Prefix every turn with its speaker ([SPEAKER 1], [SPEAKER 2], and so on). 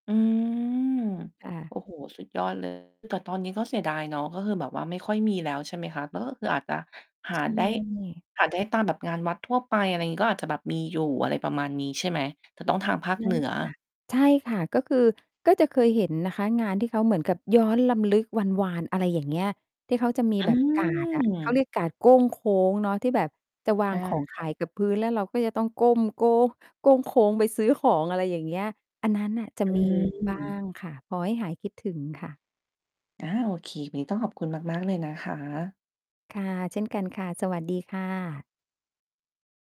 [SPEAKER 1] อือ
[SPEAKER 2] ค่
[SPEAKER 1] โ
[SPEAKER 2] ะ
[SPEAKER 1] อ้โฮ สุดยอด เลย แต่ตอนนี้ก็เสียดายเนาะ ก็คือแบบว่าไม่ค่อยมีแล้ว ใช่ไหมคะ แล้วก็คืออาจจะห
[SPEAKER 2] ใ
[SPEAKER 1] า
[SPEAKER 2] ช
[SPEAKER 1] ได้
[SPEAKER 2] ่
[SPEAKER 1] หาได้ตามแบบงานวัดทั่วไป อะไรอย่างงี้ ก็อาจจะแบบมีอยู่ อะไรประมาณนี้ใช่ไหม? แต่ต้องทางภาค
[SPEAKER 2] น
[SPEAKER 1] เ
[SPEAKER 2] ่
[SPEAKER 1] หนื
[SPEAKER 2] า
[SPEAKER 1] อ
[SPEAKER 2] จะ ใช่ค่ะ ก็คือ ก็จะเคยเห็นนะคะ งานที่เขาเหมือนกับย้อนรำลึกวันวาน อะไรอย่างเงี้ย ที่เขาจะมี
[SPEAKER 1] อื
[SPEAKER 2] แบบกาดอะ เขา
[SPEAKER 1] ม
[SPEAKER 2] เรียกกาดโก้งโค้งเนาะ ที่แบบจะวา
[SPEAKER 1] อ
[SPEAKER 2] ง
[SPEAKER 1] า
[SPEAKER 2] ของ
[SPEAKER 1] ค
[SPEAKER 2] ข
[SPEAKER 1] ่ะ
[SPEAKER 2] ายกับพื้น แล้วเราก็จะต้องก้มโก โก้งโค้งไปซื้อของ อะไรอย่างเงี้ย อันนั้นน่ะจะ
[SPEAKER 1] อ
[SPEAKER 2] มี บ้า
[SPEAKER 1] ืม
[SPEAKER 2] งค่ะ พอให้หายคิดถึงค่ะ
[SPEAKER 1] อา โอเค วันนี้ต้องขอบคุณมาก ๆ เลยนะคะ
[SPEAKER 2] ค่ะ เช่นกันค่ะ สวัสดีค่ะ